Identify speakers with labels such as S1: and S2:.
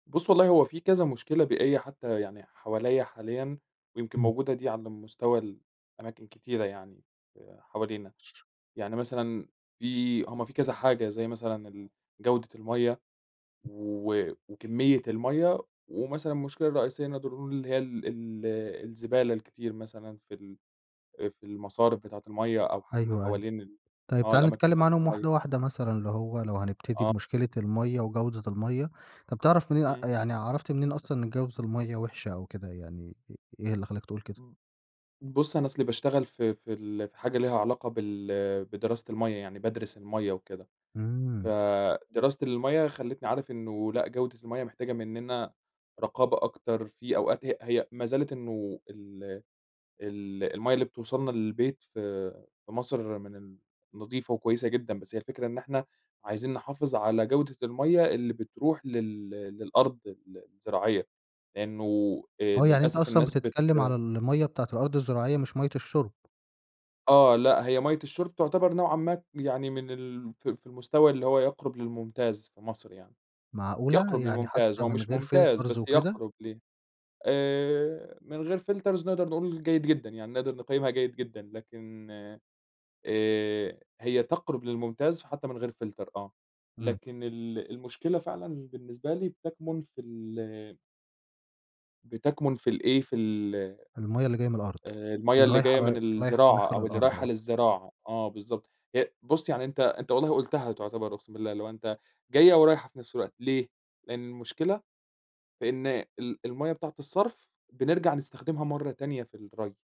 S1: بُص، والله هو في كذا مشكلة بيئية حتى يعني حواليّا حاليًا، ويمكن
S2: إمم.
S1: موجودة دي على مستوى الأماكن كتيرة يعني حوالينا. يعني مثلًا في هم في كذا حاجة زي مثلًا الجودة المَيّة و وكمية المَيّة، ومثلً ا المشكلة الرئيسية نقدر نقول اللي هي ال ال الزبالة الكتير مثلًا في ال في المصارف بتاعة المَيّة، أو حتى
S2: أيوه، أيوه.
S1: حوالين ال
S2: طيب،
S1: آه،
S2: تعالَ
S1: الأماكن
S2: نتكلم
S1: بتاعة
S2: عنهم
S1: المَيّة.
S2: واحدة واحدة مثلًا، اللي هو لو هنبتدي
S1: آه.
S2: بمشكلة المَيّة وجودة المَيّة، طب، بتعرف منين
S1: إمم.
S2: يعني عرفت منين أصلًا إن جودة المَيّة وحشة أو كده يعني؟ إيه اللي خلاك تقول كده؟
S1: امم، بُص، أنا أصلي باشتغل في في ال في حاجة ليها علاقة بال بدراسة المَيّة، يعني بادرس المَيّة وكده.
S2: إمم.
S1: فدراسة المَيّة خلّتني عارف إنه لأ، جودة المَيّة محتاجة مننا رقابة أكتر، في أوقات هي هي ما زالت إنه ال ال المَيّة اللي بتوصلنا للبيت في في مصر من ال نضيفة وكويسة جدًا، بس هي الفكرة إن إحنا عايزين نحافظ على جودة المَيّة اللي بتروح لل للأرض ال الزراعية. لأنه آآ،
S2: آه، يعني أنت
S1: للأسف
S2: أصلًا
S1: الناس بت
S2: بتتكلم على المَيّة بتاعة الأرض الزراعية مش مَيّة الشرب.
S1: آه، لا، هي مَيّة الشُرب تعتبر نوعًا ما يعني من ال ف في المستوى اللي هو يقرب للممتاز في مصر يعني.
S2: معقولة!
S1: يقرب
S2: يعني
S1: للممتاز،
S2: حتى
S1: هو
S2: من
S1: مش
S2: غير
S1: ممتاز
S2: فلترز
S1: بس
S2: وكده؟
S1: يقرب ليه. آآ، من غير فلترز نقدر نقول جيد جدًا، يعني نقدر نقيمها جيد جدًا لكن آآ، هي تقرب للممتاز حتى من غير فلتر آه.
S2: إمم.
S1: لكن ال المشكلة فعلًا بالنسبة لي تكمن في ال بتكمن في الإيه، في ال
S2: المَيّة اللي جاية من الأرض،
S1: آآ، المَيّة
S2: اللي
S1: اللي
S2: رايحة
S1: جاية من
S2: رايحة
S1: الزراعة
S2: رايحة
S1: أو اللي
S2: للأرض
S1: رايحة
S2: آه.
S1: للزراعة، آه، بالضبط. هي بُص، يعني أنت أنت والله قُلتها تعتبر أقسم بالله اللي هو أنت جاية ورايحة في نفس الوقت، ليه؟ لأن المشكلة فإن ال المَيّة بتاعة الصرف، بنرجع نستخدمها مرة تانية في الري.